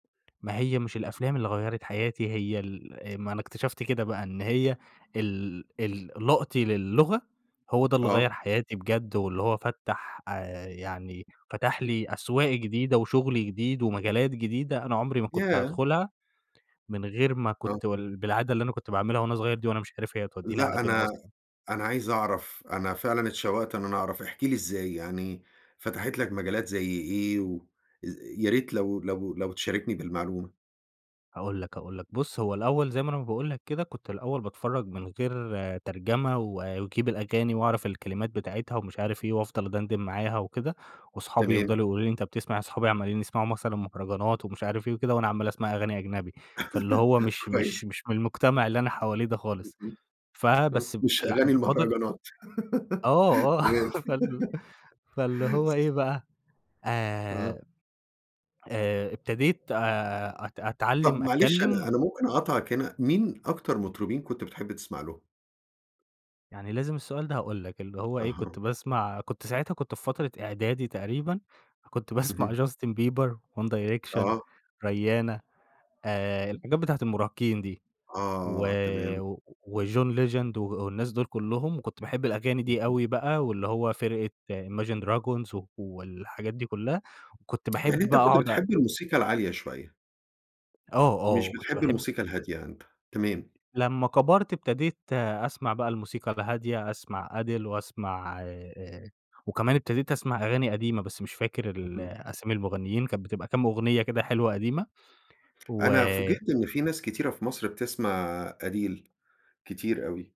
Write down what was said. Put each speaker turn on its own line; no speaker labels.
ما هي مش الأفلام اللي غيّرت حياتي هي ال آآ ما أنا اكتشفت كده بقى، إن هي ال ال لقطي للغة هو ده اللي
آه.
غيّر حياتي بجد، واللي هو فتَّح آآ، يعني فتَح لي أسواق جديدة وشغل جديد، ومجالات جديدة، أنا عمري ما كنت
ياه!
هادخلها، من غير ما
آه،
كنت
[unintelligible]
وال بالعادة اللي أنا كنت باعملها وأنا صغير دي وأنا مش عارف هي هتوديني
لأ،
على فين
أنا
أصلًا.
أنا عايز أعرف أنا فعلًا اتشوّقت إن أنا أعرف إحكِ لي إزاي، يعني فتحت لك مجالات زي إيه، و يا ريت لو لو لو تشاركني بالمعلومة.
هاقول لك، هاقول لك، بُص هو الأوّل زي ما أنا ما باقول لك كده كنت الأوّل باتفرّج من غير ترجمة، واجيب الأغاني وأعرف الكلمات بتاعتها ومش عارف إيه، وأفضل أدندن معاها وكده، واصحابي
تمام.
يفضلوا يقولوا لي أنت بتسمع اصحابي عمالين يسمعوا مثلًا مهرجانات ومش عارف إيه وكده، وأنا عمّال اسمع أغاني أجنبي فاللي هو مش
كويس.
مش مش من المجتمع اللي أنا حواليه ده خالص،
[unintelligible]
فبس
مش
فال
أغاني
فاضل
المهرجانات
آه آه،
تمام.
فال فاللي هو إيه بقى،
آه.
آآ آآ، ابتديت آآ، أت
طب
أتعلِّم
معلش أنا
أتكلم
أنا ممكن أقاطعك هنا، مين أكتر مطربين كنت بتحب تسمع لهم؟
يعني لازم السؤال ده، هاقول لك اللي هو إيه
أها.
كنت باسمع كنت ساعتها كنت في فترة إعدادي تقريبًا كنت باسمع
اهم.
Justin Bieber, One Direction,
آه.
Rihanna آآ، الحاجات بتاعة المراهقين دي و
آه، تمام.
وJohn legend و والناس دول كلُّهم، وكنت باحب الأغاني دي
اهم.
أوي بقى، واللي هو فرقة imagine dragons والحاجات دي كلَّها و كنت باحب
يعني أنت
بقى
كنت
أقعد أ
بتحب الموسيقى العالية شوية؟
آه آه،
مش
وكنت
بتحب
باحب
الموسيقى الهادية أنت، تمام.
لمَّا كبرت ابتديت أسمع بقى الموسيقى الهادية أسمع Adele وأسمع آآ، وكمان ابتديت أسمع أغاني قديمة، بس مش فاكر ال
اهم.
أسامي المغنيين كانت بتبقى كام أغنية كده حلوة قديمة،
أنا
و
فوجئت إن في ناس كتيرة في مصر بتسمع Adele، كتير أوي.